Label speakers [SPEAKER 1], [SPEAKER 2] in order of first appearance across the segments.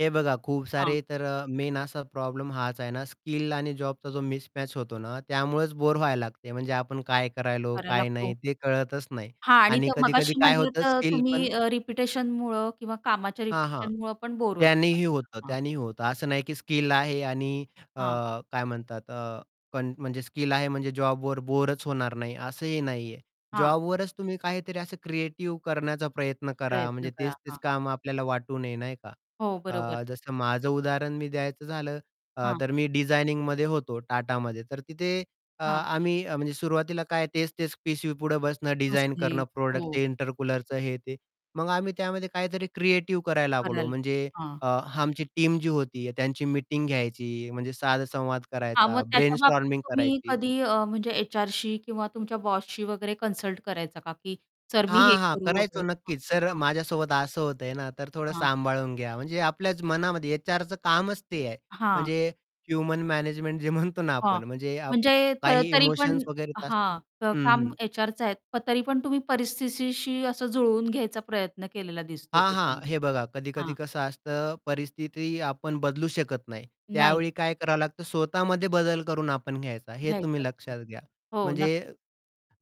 [SPEAKER 1] हे बघा खूप
[SPEAKER 2] हां.
[SPEAKER 1] सारे तर मेन असा प्रॉब्लेम हाच आहे ना स्किल आणि जॉबचा जो मिसमॅच होतो ना त्यामुळेच बोर व्हायला लागते, म्हणजे आपण काय करतो आहे,
[SPEAKER 2] करायला
[SPEAKER 1] काय
[SPEAKER 2] लागतो.
[SPEAKER 1] नाही? ते कळतच नाही.
[SPEAKER 2] हां. आणि
[SPEAKER 1] आणि
[SPEAKER 2] तर
[SPEAKER 1] कधी-कधी
[SPEAKER 2] मगाशी
[SPEAKER 1] काय
[SPEAKER 2] म्हंटलं
[SPEAKER 1] होतं
[SPEAKER 2] तर
[SPEAKER 1] स्किल
[SPEAKER 2] तुम्ही
[SPEAKER 1] पण
[SPEAKER 2] अ, रिपिटिशनमुळं किंवा कामाच्या
[SPEAKER 1] हां, हां.
[SPEAKER 2] रिपिटिशनमुळं पण बोर होतो
[SPEAKER 1] त्यांनीही होतं.
[SPEAKER 2] माणसाला. हां
[SPEAKER 1] त्यांनीही होतं. असं नाही की स्किल आहे आणि अ,
[SPEAKER 2] हां.
[SPEAKER 1] काय म्हणतात अ, कन म्हणजे स्किल आहे म्हणजे जॉबवर बोरच होणार नाही असंही नाहीये.
[SPEAKER 2] हां.
[SPEAKER 1] जॉबवरच तुम्ही काहीतरी असं क्रिएटिव्ह करण्याचा प्रयत्न करा.
[SPEAKER 2] प्रयत्न
[SPEAKER 1] म्हणजे
[SPEAKER 2] करा.
[SPEAKER 1] तेच-तेच
[SPEAKER 2] हां.
[SPEAKER 1] काम आपल्याला वाटू नये नाही का?
[SPEAKER 2] हो. बरोबर.
[SPEAKER 1] अ, जसं माझं उदाहरण मी द्यायचं झालं, अ,
[SPEAKER 2] हां.
[SPEAKER 1] तर मी डिझायनिंगमध्ये होतो टाटामध्ये तर तिथे अ,
[SPEAKER 2] हां.
[SPEAKER 1] आम्ही म्हणजे सुरुवातीला काय तेच-तेच पीसीपुढे बसणं डिझाइन
[SPEAKER 2] बसणे.
[SPEAKER 1] करणं, प्रॉडक्टच,
[SPEAKER 2] हो.
[SPEAKER 1] इंटर कूलरचं हे ते. मग आम्ही त्यामध्ये काहीतरी क्रिएटिव्ह करायला लागलो
[SPEAKER 2] करालं.
[SPEAKER 1] म्हणजे
[SPEAKER 2] हां.
[SPEAKER 1] अ, आमची टीम जी होती त्यांची मीटिंग घ्यायची म्हणजे साद-संवाद
[SPEAKER 2] हां, मग
[SPEAKER 1] करायचा,
[SPEAKER 2] त्याच्याबाबतीत
[SPEAKER 1] ब्रेनस्टॉर्मिंग
[SPEAKER 2] तुम्ही
[SPEAKER 1] करायची.
[SPEAKER 2] कधी अ, म्हणजे एचआरशी किंवा तुमच्या बॉसशी वगैरे कन्सल्ट करायचा का, की "सर मी हे
[SPEAKER 1] हां, हां
[SPEAKER 2] करू वगैरे
[SPEAKER 1] करायचो.
[SPEAKER 2] हां,
[SPEAKER 1] नक्कीच. "सर,
[SPEAKER 2] हां."
[SPEAKER 1] माझ्यासोबत असं होतंय ना, तर थोडं
[SPEAKER 2] हां.
[SPEAKER 1] सांभाळून घ्या". म्हणजे आपल्याच मनामध्ये एचआरचं कामच ते आहे.
[SPEAKER 2] हां.
[SPEAKER 1] म्हणजे ह्युमन मॅनेजमेंट जे म्हणतो ना
[SPEAKER 2] हां.
[SPEAKER 1] आपण म्हणजे आप
[SPEAKER 2] म्हणजे त
[SPEAKER 1] काही
[SPEAKER 2] तरी पण
[SPEAKER 1] इमोशन्स वगैरे येत असतील
[SPEAKER 2] हां
[SPEAKER 1] हं,
[SPEAKER 2] काम
[SPEAKER 1] हं.
[SPEAKER 2] एचआरच आहे तरी पण तुम्ही परिस्थितीशी असं जुळवून घ्यायचा प्रयत्न केलेला दिसतोय
[SPEAKER 1] हां, हां.
[SPEAKER 2] त्याच्यामुळे.
[SPEAKER 1] हे बघा कधी-कधी
[SPEAKER 2] हां
[SPEAKER 1] कसं असतं परिस्थिती आपण बदलू शकत नाही.
[SPEAKER 2] नाही.
[SPEAKER 1] त्यावेळी काय करावं लागतं स्वतःमध्ये बदल करून आपण घ्यायचा हे
[SPEAKER 2] घ्यायचं.
[SPEAKER 1] तुम्ही
[SPEAKER 2] हो.
[SPEAKER 1] लक्षात घ्या.
[SPEAKER 2] हो
[SPEAKER 1] म्हणजे
[SPEAKER 2] नक्कीच.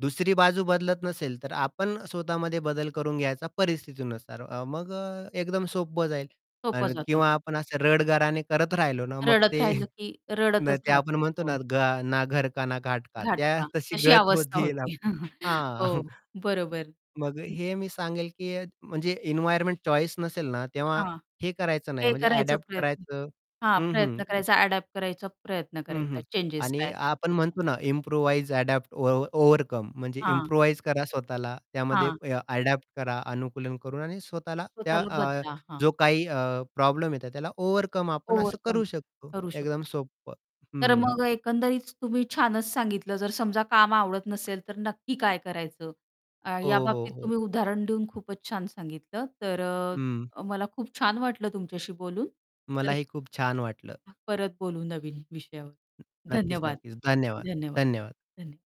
[SPEAKER 1] दुसरी बाजू बदलत नसेल तर आपण स्वतः मध्ये बदल करून घ्यायचा परिस्थिती नुसार मग अ, एकदम सोपं जाईल.
[SPEAKER 2] सोपं
[SPEAKER 1] आणि
[SPEAKER 2] जातं.
[SPEAKER 1] किंवा
[SPEAKER 2] हो.
[SPEAKER 1] आपण असं रडगाणे करत राहिलो ना मग
[SPEAKER 2] रडत
[SPEAKER 1] ते
[SPEAKER 2] राहिलं की
[SPEAKER 1] न
[SPEAKER 2] रडतच
[SPEAKER 1] ते आपण
[SPEAKER 2] राहतो.
[SPEAKER 1] म्हणतो ना
[SPEAKER 2] हो.
[SPEAKER 1] घा ना घर का ना घाट का त्या
[SPEAKER 2] घाटका
[SPEAKER 1] तशी
[SPEAKER 2] अशी
[SPEAKER 1] गत
[SPEAKER 2] अवस्था
[SPEAKER 1] होतील
[SPEAKER 2] होते.
[SPEAKER 1] आपल्या हां.
[SPEAKER 2] हो, बरोबर.
[SPEAKER 1] मग हे मी सांगेल की म्हणजे एन्व्हायर्नमेंट चॉईस नसेल ना तेव्हा
[SPEAKER 2] हां.
[SPEAKER 1] हे करायचं नाही
[SPEAKER 2] हे
[SPEAKER 1] म्हणजे
[SPEAKER 2] करायचा
[SPEAKER 1] अडॅप्ट
[SPEAKER 2] प्रयत्न.
[SPEAKER 1] करायचं
[SPEAKER 2] हां,
[SPEAKER 1] हं हं.
[SPEAKER 2] प्रयत्न करायचा. अडॅप्ट करायचा प्रयत्न
[SPEAKER 1] हं,
[SPEAKER 2] करायचा
[SPEAKER 1] हं.
[SPEAKER 2] चेंजेस काय
[SPEAKER 1] आणि
[SPEAKER 2] असतील
[SPEAKER 1] आपण
[SPEAKER 2] तर.
[SPEAKER 1] म्हणतो ना इम्प्रोव्हाईज, अडॅप्ट, ओव ओव्हरकम म्हणजे
[SPEAKER 2] हां.
[SPEAKER 1] इम्प्रोव्हाईज करा स्वतःला त्यामध्ये
[SPEAKER 2] हां.
[SPEAKER 1] अडॅप्ट करा, अनुकूलन करून आणि स्वतःला त्या
[SPEAKER 2] स्वतःला
[SPEAKER 1] अ,
[SPEAKER 2] बदला. हां.
[SPEAKER 1] जो काही अ, प्रॉब्लेम येतो त्याला ओव्हरकम आपण असं
[SPEAKER 2] ओव्हरकम
[SPEAKER 1] करू
[SPEAKER 2] कर
[SPEAKER 1] शकतो
[SPEAKER 2] करू शकतो.
[SPEAKER 1] एकदम सोपं
[SPEAKER 2] तर
[SPEAKER 1] हं
[SPEAKER 2] मग एकंदरीत तुम्ही छानच सांगितलं. जर समजा काम आवडत नसेल तर नक्की काय करायचं? या
[SPEAKER 1] हो, हो,
[SPEAKER 2] बाबतीत
[SPEAKER 1] हो.
[SPEAKER 2] तुम्ही उदाहरण देऊन खूपच छान सांगितलं. तर
[SPEAKER 1] हं.
[SPEAKER 2] अ, मला खूप छान वाटलं तुमच्याशी बोलून. तर
[SPEAKER 1] मलाही खूप छान वाटलं.
[SPEAKER 2] परत बोलू नवीन विषयावर.
[SPEAKER 1] नक्कीच,
[SPEAKER 2] धन्यवाद,
[SPEAKER 1] नक्कीच. धन्यवाद,
[SPEAKER 2] धन्यवाद,
[SPEAKER 1] धन्यवाद.
[SPEAKER 2] धन्यवाद.